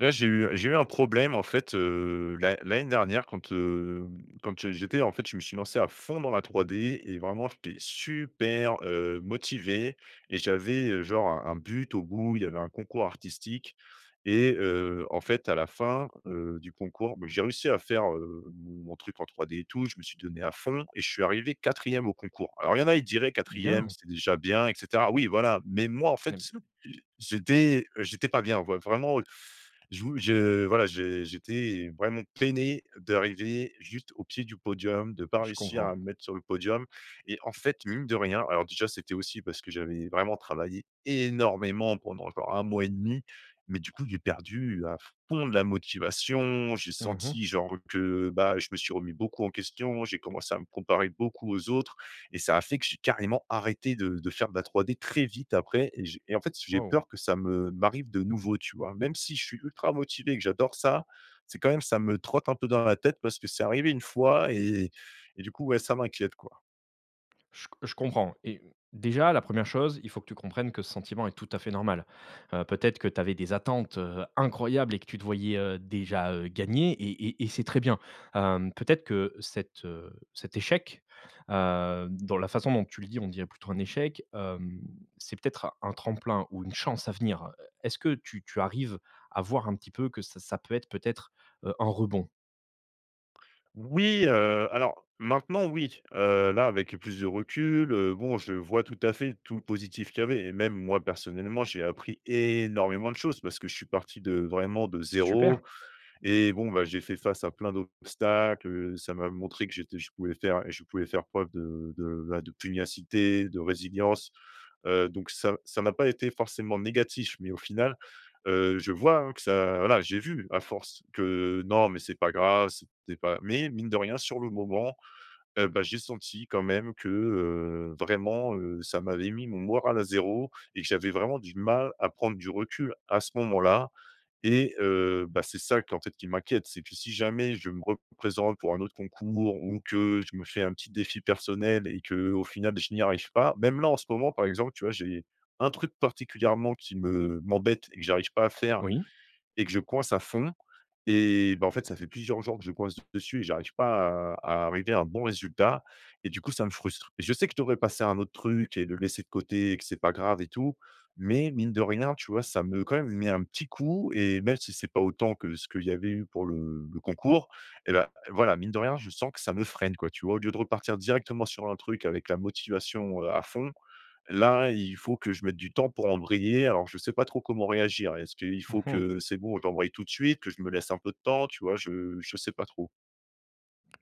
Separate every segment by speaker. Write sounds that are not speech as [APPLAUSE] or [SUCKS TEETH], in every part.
Speaker 1: Là j’ai eu j’ai eu un problème en fait, heu, l'an l’année dernière quand, heu, quand j’étais en fait je me suis lancé à fond dans la 3D et vraiment j’étais super, heu, motivé, et j’avais, heu, genre un un but. Au bout, il y avait un concours artistique et heu, en fait, à la fin, heu, du concours, bah, j’ai réussi à faire, heu, mon truc en 3D et tout. Je me suis donné à fond et je suis arrivé 4ème au concours. Alors il y en a, ils diraient: «4ème,
Speaker 2: Bien!
Speaker 1: c’est déjà bien» et cetera. Oui voilà, mais moi en fait
Speaker 2: Bien sûr.
Speaker 1: je j’étais, j'étais pas bien ouais, vraiment, heu [SUCKS TEETH] Je vou je voilà, j'é j’étais vraiment peiné d’arriver juste au pied du podium, de pas
Speaker 2: Je
Speaker 1: réussir
Speaker 2: comprends.
Speaker 1: à me mettre sur le podium. Et en fait, mine de rien, alors déjà c’était aussi parce que j’avais vraiment travaillé énormément pendant genre 1 mois et 1/2. Mais du coup, j’ai perdu à fond de la motivation. J’ai
Speaker 2: Mmh mh.
Speaker 1: senti genre que bah, je me suis remis beaucoup en question. J’ai commencé à me comparer beaucoup aux autres et ça a fait que j’ai carrément arrêté de de faire de la 3D très vite après. Et j et en fait j’ai
Speaker 2: Waouh!
Speaker 1: peur que ça me m’arrive de nouveau tu vois, même si je suis ultra motivé, que j’adore ça. C’est quand même ça me trotte un peu dans la tête parce que c’est arrivé une fois et et et du coup, ouais, ça m’inquiète quoi.
Speaker 2: Je co je comprends et hem, déjà la 1re chose, il faut que tu comprennes que ce sentiment est tout à fait normal. Heu, peut-être que tu avais des attentes, heu, incroyables et que tu te voyais, heu, déjà, heu, gagner, et et et c’est très bien. Hem, peut-être que cet, heu, cet échec, hem, dans la façon dont tu le dis on dirait plutôt un échec. Hem, c’est peut-être un un tremplin ou une chance à venir. Heu, est-ce que tu tu arrives à voir un petit peu que ça ça peut être, peut-être, heu, un rebond?
Speaker 1: Oui, heu, alors maintenant oui, heu, là avec le plus de recul, heu, bon je vois tout à fait tout le positif qu’il y avait, et même moi personnellement j’ai appris énormément de choses parce que je suis parti de vraiment de
Speaker 2: Super.
Speaker 1: 0, et bon, bah, j’ai fait face à plein d’obstacles. Heu, ça m’a montré que j’étais je pouvais faire je pouvais faire preuve de de, bah, de pugnacité, de résilience, heu, donc ça ça n’a pas été forcément négatif. Mais au final, heu, je vois, hein, que ça voilà j’ai vu à force que, non, mais c’est pas grave, c’était pas Mais mine de rien sur le moment, heu, bah j’ai senti quand même que, heu, vraiment, heu, ça m’avait mis mon moral à 0 et que j’avais vraiment du mal à prendre du recul à ce moment-là. Et heu, bah c’est ça qui en fait m’inquiète. C’est que si jamais je me représente pour un autre concours ou que je me fais un petit défi personnel et qu’au final je n’y arrive pas même là en ce moment par exemple tu vois j’ai un truc particulièrement qui me m’embête et que j’arrive pas à faire
Speaker 2: Oui.
Speaker 1: et que je coince à fond. Et bah, en fait ça fait plusieurs jours que je coince dessus et j’arrive pas à à arriver à un bon résultat, et du coup ça me frustre. Et je sais que je devrais passer à un autre truc et le laisser de côté et que c’est pas grave et tout mais mine de rien tu vois ça me, quand même, met un petit coup. Et même si ce n’est pas autant que ce qu’il y avait eu pour le le concours, et bah, voilà mine de rien je sens que ça me freine quoi tu vois, au lieu de repartir directement sur un truc avec la motivation, heu, à fond. Là il faut que je mette du temps pour embrayer alors je sais pas trop comment réagir. Est-ce qu’il
Speaker 2: Mmh
Speaker 1: faut
Speaker 2: mh.
Speaker 1: que c’est bon j’embraye tout de suite, que je me laisse un peu de temps? Tu vois je je sais pas trop.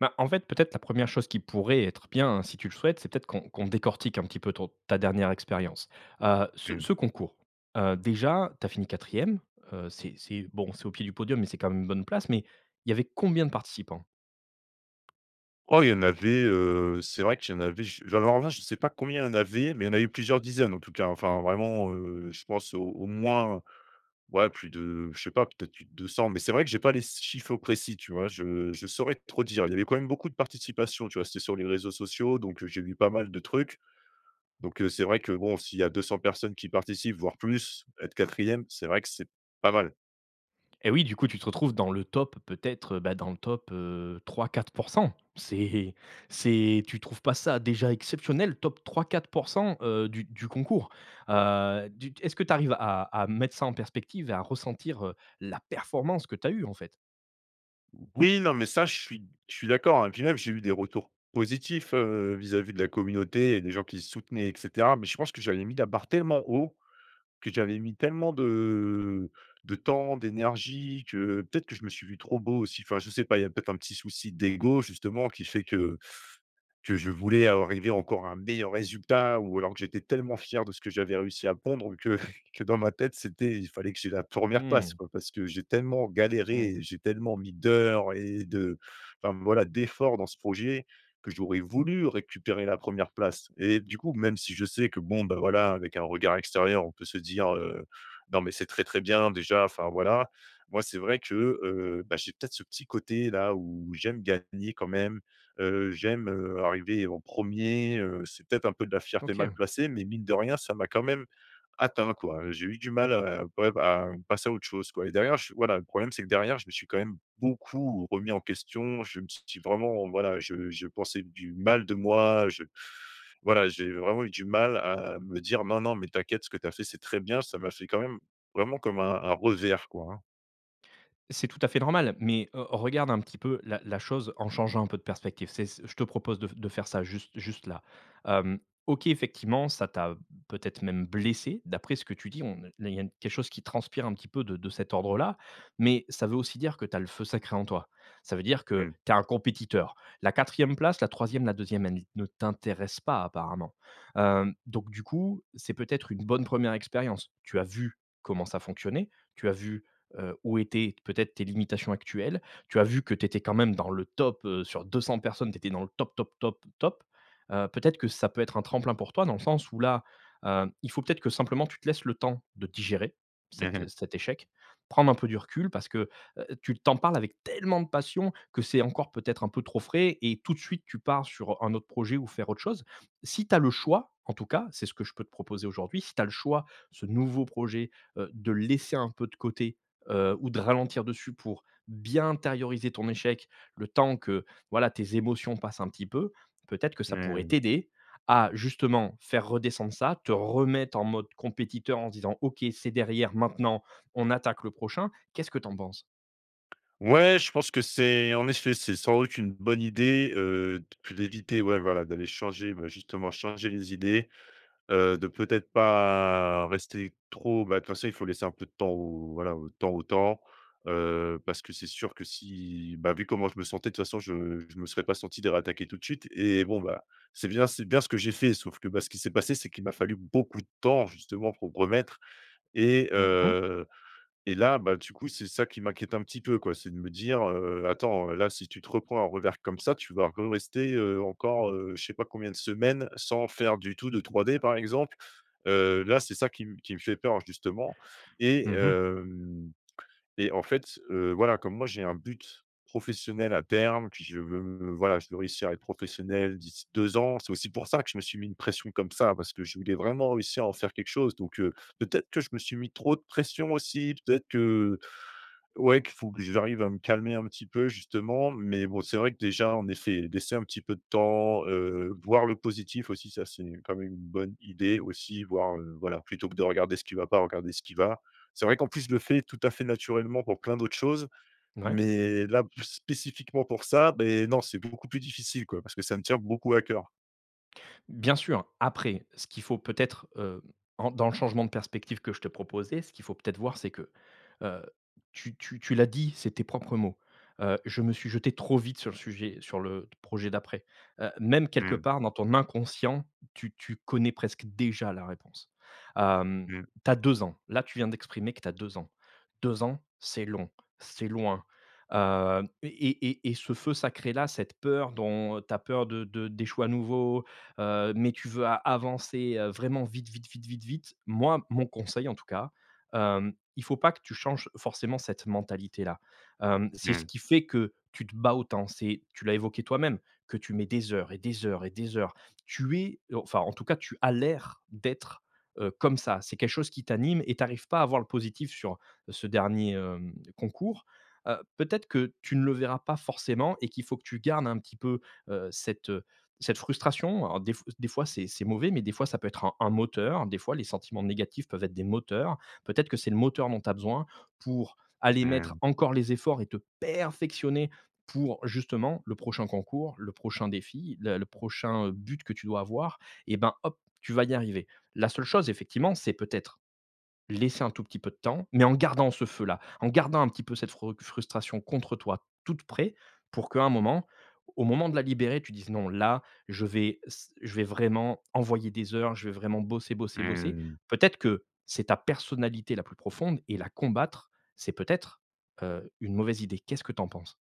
Speaker 2: Bah, en fait peut-être la 1re chose qui pourrait être bien, hein, si tu le souhaites, c'est peut-être qu'on qu'on décortique un petit peu ton ta dernière expérience. Heu, ce
Speaker 1: Mmh.
Speaker 2: ce concours, heu, déjà tu as fini 4e, heu, c'est c'est, bon, c'est au pied du podium mais c'est quand même une bonne place, mais, il y avait combien de participants?
Speaker 1: Oh il y en avait, heu, c'est vrai qu'il y en avait je alors, là je sais pas combien il y en avait, mais il y en a eu plusieurs dizaines en tout cas. Enfin vraiment, heu, je pense au au moins, ouais, plus de, je sais pas, peut-être plus de 200 mais c'est vrai que je n'ai pas les s chiffres au précis tu vois, je je saurais trop dire, il y avait quand même beaucoup de participation tu vois? C'était sur les réseaux sociaux donc, heu, j'ai vu pas mal de trucs. Donc, heu, c’est vrai que, bon, s’il y a 200 personnes qui participent voire plus, être 4ème c'est vrai que c'est pas mal.
Speaker 2: Et oui, du coup, tu te retrouves dans le top, peut-être, bah, dans le top, heu, 3-4 %, c'est c’est tu trouves pas ça déjà exceptionnel, top 3-4 %, heu, du du concours? Heu, du est-ce que tu arrives à à mettre ça en perspective et à ressentir, heu, la performance que tu as eue en fait?
Speaker 1: Oui, non, mais ça, je suis je suis d’accord et puis même j’ai eu des retours positifs, heu, vis-à-vis de la communauté et des gens qui soutenaient et cetera. Mais je pense que j’avais mis la barre tellement haut, que j’avais mis tellement de de temps d’énergie que peut-être que je me suis vu trop beau aussi. Enfin, je sais pas, il y a peut-être un petit souci d’ego justement qui fait que que je voulais av arriver encore à un meilleur résultat ou alors que j’étais tellement fier de ce que j’avais réussi à pondre que que dans ma tête c’était il fallait que j’aie la 1re place
Speaker 2: Mmh.
Speaker 1: quoi, parce que j’ai tellement galéré
Speaker 2: Mmh.
Speaker 1: et j’ai tellement mis d’heures et de, enfin, voilà, d’efforts dans ce projet que j’aurais voulu récupérer la 1re place. Et du coup même si je sais que bon, ben, voilà, avec un regard extérieur, on peut se dire, heu: «non, mais c’est très, très bien déjà», enfin voilà. Moi c’est vrai que, heu, bah j’ai peut-être ce petit côté-là où j’aime gagner quand même, heu, j’aime, heu, arriver en 1er. Heu, c’est peut-être un peu de la fierté mal
Speaker 2: OK.
Speaker 1: placée mais mine de rien ça m’a quand même atteint quoi. J’ai eu du mal à prép à passer à autre chose quoi. Et derrière, j voilà, le problème c’est que derrière je me suis quand même beaucoup remis en question. Je me suis dit vraiment voilà je je pensais du mal de moi, je [SUCKS TEETH] voilà, j’ai vraiment eu du mal à me dire: «Non, non, mais t’inquiète, ce que t’as fait, c’est très bien». Ça m’a fait quand même vraiment comme un un revers quoi, hein.
Speaker 2: C’est tout à fait normal, mais, heu, regarde un petit peu la la chose en changeant un peu de perspective. C’est c je te propose de de faire ça juste juste là. Hem, OK, effectivement, ça t’a peut-être même blessé d’après ce que tu dis. On ne il y a quelque chose qui transpire un petit peu de de cet ordre là. Mais ça veut aussi dire que tu as le feu sacré en toi. Ça veut dire que
Speaker 1: Mmh.
Speaker 2: tu es un compétiteur. La 4e place, la 3e, la 2e, elle ne t’intéresse pas apparemment. Hem, donc du coup c’est peut-être une bonne 1re expérience. Tu as vu comment ça fonctionnait. Tu as vu, heu, où étaient peut-être tes limitations actuelles. Tu as vu que tu étais quand même dans le top, heu, sur 200 personnes. Tu étais dans le top, top, top, top. Heu, peut-être que ça peut être un tremplin pour toi dans le sens où là, hem, il faut peut-être que simplement tu te laisses le temps de digérer
Speaker 1: Mmh
Speaker 2: cet
Speaker 1: mh.
Speaker 2: é cet échec, prendre un peu du recul, parce que, heu tu tu en parles avec tellement de passion que c’est encore peut-être un peu trop frais et tout de suite tu pars sur un autre projet ou faire autre chose. Si tu as le choix, en tout cas c’est ce que je peux te proposer aujourd’hui. Si tu as le choix, ce nouveau projet, heu, de le laisser un peu de côté, heu, ou de ralentir dessus pour bien intérioriser ton échec, le temps que voilà tes émotions passent un petit peu. Peut-être que ça pourrait
Speaker 1: Mmh.
Speaker 2: t’aider à justement faire redescendre ça, te remettre en mode compétiteur en se disant: «OK, c’est derrière, maintenant on attaque le prochain», qu’est-ce que tu en penses?
Speaker 1: Ouais, je pense que c’est, en effet, c’est sans doute une bonne idée, heu, de p d’éviter. Ouais, voilà d’aller changer, bah justement, changer les idées. Heu, de peut-être pas rester trop bah, de toute façon, il faut laisser un peu de temps au voilà, au temps au temps, heu, parce que c’est sûr que si bah vu comment je me sentais de toute façon je je me serais pas senti de ré-attaquer tout de suite. Et bon, bah, c’est bien c’est bien ce que j’ai fait, sauf que, bah, ce qui s’est passé c’est qu’il m’a fallu beaucoup de temps justement pour me remettre. Et
Speaker 2: Mmh mh.
Speaker 1: heu et là bah, du coup c’est ça qui m’inquiète un petit peu quoi. C’est de me dire, heu: «attends, heu, là, si tu te reprends un revers comme ça, tu vas re-rester, heu, encore, heu, je sais pas combien de semaines sans faire du tout de 3D», par exemple. Heu, là c’est ça qui m qui me fait peur justement. Et
Speaker 2: Mmh mh.
Speaker 1: hem et en fait, heu, voilà, comme moi j’ai un but professionnel à terme, puis je veux voilà je veux réussir à être professionnel d’ici 2 ans. C’est aussi pour ça que je me suis mis une pression comme ça, parce que je voulais vraiment réussir à en faire quelque chose. Donc, heu, peut-être que je me suis mis trop de pression aussi. Peut-être que, heu, ouais qu’il faut que j’arrive à me calmer un petit peu justement. Mais bon c’est vrai que déjà en effet laisser un petit peu de temps, heu, voir le positif aussi, ça c’est quand même une bonne idée aussi. Voir, heu voilà, plutôt que de regarder ce qui va pas, regarder ce qui va. C’est vrai qu’en plus je le fais tout à fait naturellement pour pleins d’autres choses,
Speaker 2: Ouais.
Speaker 1: mais là plus spécifiquement pour ça, beh, non, c’est beaucoup plus difficile quoi, parce que ça me tient beaucoup à cœur.
Speaker 2: Bien sûr, après ce qu’il faut peut-être, heu, ren dans le changement de perspective que je te proposais, ce qu’il faut peut-être voir, c’est que, heu, tu tu tu l’as dit, c’est tes propres mots, heu: «Je me suis jeté trop vite sur le sujet sur le projet d’après». Heu, même quelque
Speaker 1: Mmh.
Speaker 2: part dans ton inconscient, tu tu connais presque déjà la réponse. Hem,
Speaker 1: Mmh.
Speaker 2: tu as 2 ans, là tu viens d’exprimer que tu as 2 ans. 2 ans, c’est long, c’est loin, heu et et et ce feu sacré là, cette peur dont ta peur de de d’échouer à nouveau, heu, mais tu veux a avancer, heu, vraiment vite, vite, vite, vite, vite. Moi mon conseil en tout cas, hem, il faut pas que tu changes forcément cette mentalité-là. Hem, c’est ce
Speaker 1: Mmh.
Speaker 2: qui fait que tu te bats autant. C’est tu l’as évoqué toi-même, que tu mets, des heures et des heures et des heures. Tu es heu enfin en tout cas tu as l’air d’être, heu, comme ça. C’est quelque chose qui t’anime et tu arrives pas à voir le positif sur ce dernier, hem, concours. Heu, peut-être que tu ne le verras pas forcément et qu’il faut que tu gardes un petit peu, heu, cette, heu, cette frustration. Alors des f des fois c’est mauvais, mais des fois ça peut être un un moteur. Des fois les sentiments négatifs peuvent être des moteurs. Peut-être que c’est le moteur dont tu as besoin pour aller
Speaker 1: Mmh
Speaker 2: mettre
Speaker 1: mh.
Speaker 2: encore les efforts et te perfectionner pour justement le prochain concours, le prochain défi, la le prochain but que tu dois avoir. Et bah, hop, tu vas y arriver. La seule chose effectivement, c’est peut-être laisser un tout petit peu de temps, mais en gardant ce feu-là, en gardant un petit peu cette fro frustration contre toi, toute près, pour qu’à un moment, au moment de la libérer, tu dises: «non, là, je vais, s je vais vraiment envoyer des heures, je vais vraiment bosser, bosser, bosser».
Speaker 1: Mmh.
Speaker 2: Peut-être que c’est ta personnalité la plus profonde et la combattre, c’est peut-être, heu, une mauvaise idée. Qu’est-ce que tu en penses?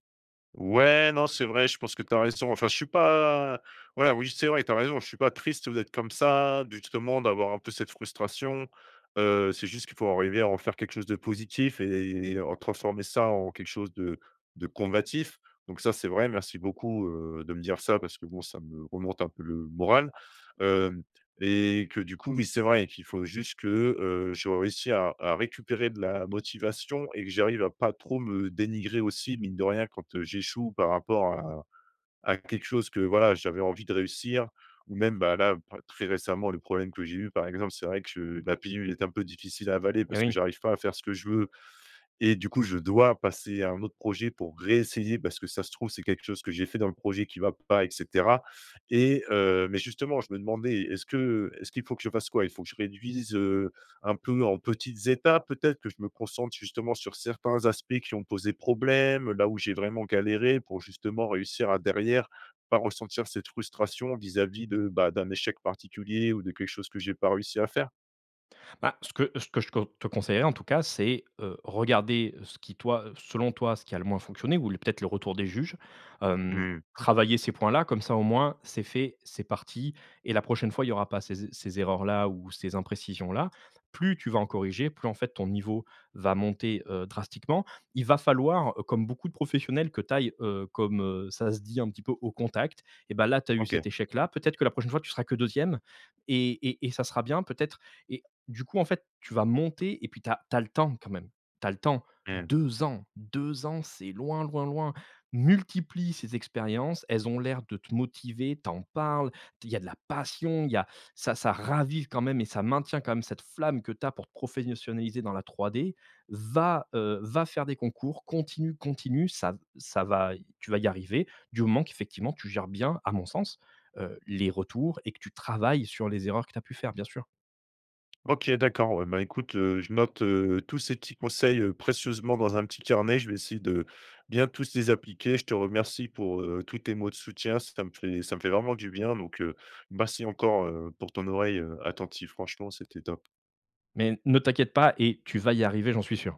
Speaker 1: Ouais non, c’est vrai je pense que tu as raison. Enfin je suis pas ouais, oui, c’est vrai tu as raison, je suis pas triste, heu, d’être comme ça, justement d’avoir un peu cette frustration. Heu, c’est juste qu’il faut arriver à en faire quelque chose de positif et et en transformer ça en quelque chose de de combatif. Donc ça c’est vrai, merci beaucoup, heu, de me dire ça parce que bon ça me remonte un peu le moral. Hem, et que du coup oui c’est vrai qu’il faut juste que, heu, je réussis à à récupérer de la motivation. Et que j’arrive à pas trop me dénigrer aussi, mine de rien, quand j’échoue par rapport à à quelque chose que voilà j’avais envie de réussir ou même, bah, là p très récemment le problème que j’ai eu par exemple. C’est vrai que la pilule est un peu difficile à avaler
Speaker 2: Et
Speaker 1: parce que
Speaker 2: oui.
Speaker 1: j’arrive pas à faire ce que je veux et du coup je dois passer à un autre projet pour ré-essayer parce que ça se trouve c’est quelque chose que j’ai fait dans le projet qui va pas, et cetera. Et heu, mais justement je me demandais est-ce que, heu, est-ce qu’il faut que je fasse quoi? Il faut que je réduise, heu, un peu en petites étapes peut-être? Que je me concentre justement sur certains aspects qui ont posé problème, là où j’ai vraiment galéré, pour justement réussir à derrière, pas ressentir cette frustration vis-à-vis de, bah, d’un échec particulier ou de quelque chose que j’ai pas réussi à faire?
Speaker 2: Bah, ce que ce que je con te conseillerais en tout cas, c’est, heu, regarder ce qui toi selon toi, a le moins fonctionné ou le peut-être le retour des juges. Hem,
Speaker 1: Mmh.
Speaker 2: travailler ces points-là comme ça au moins, c’est fait, c’est parti, et la prochaine fois il y aura pas ces e ces erreurs-là ou ces imprécisions-là. Plus tu vas en corriger, plus en fait ton niveau va monter, heu, drastiquement. Il va falloir, heu, comme beaucoup de professionnels, que tu ailles, heu, comme, heu, ça se dit un petit peu, au contact, et bah, là tu as eu
Speaker 1: OK.
Speaker 2: cet échec-là. Peut-être que la prochaine fois tu seras que 2ème et et et ça sera bien peut-être. Et du coup en fait tu vas monter, et puis tu as tu as le temps quand même. Tu as le temps.
Speaker 1: Mmh.
Speaker 2: 2 ans! 2 ans, c’est loin, loin, loin. Multiplie ces expériences, elles ont l’air de te motiver. Tu en parles, te il y a de la passion. Il y a ça ça ravive quand même et ça maintient quand même cette flamme que tu as pour pour te professionnaliser dans la 3D. Va, heu, va faire des concours, continue, continue. Ça v ça va tu vas y arriver, du moment qu’effectivement tu gères bien, à mon sens, heu, les retours et que tu travailles sur les erreurs que tu as pu faire, bien sûr!
Speaker 1: OK d'accord ouais, bah, écoute, heu, je note, heu, tous ces petits conseils précieusement dans un petit carnet. Je vais essayer de, bien tous les appliquer. Je te remercie pour, heu, tous tes mots de soutien. Ça me fait ça me fait vraiment du bien. Donc, heu, merci encore, heu, pour ton oreille, heu, attentive. Franchement, c'était top.
Speaker 2: Mais ne t'inquiète pas et tu vas y arriver, j'en suis sûr!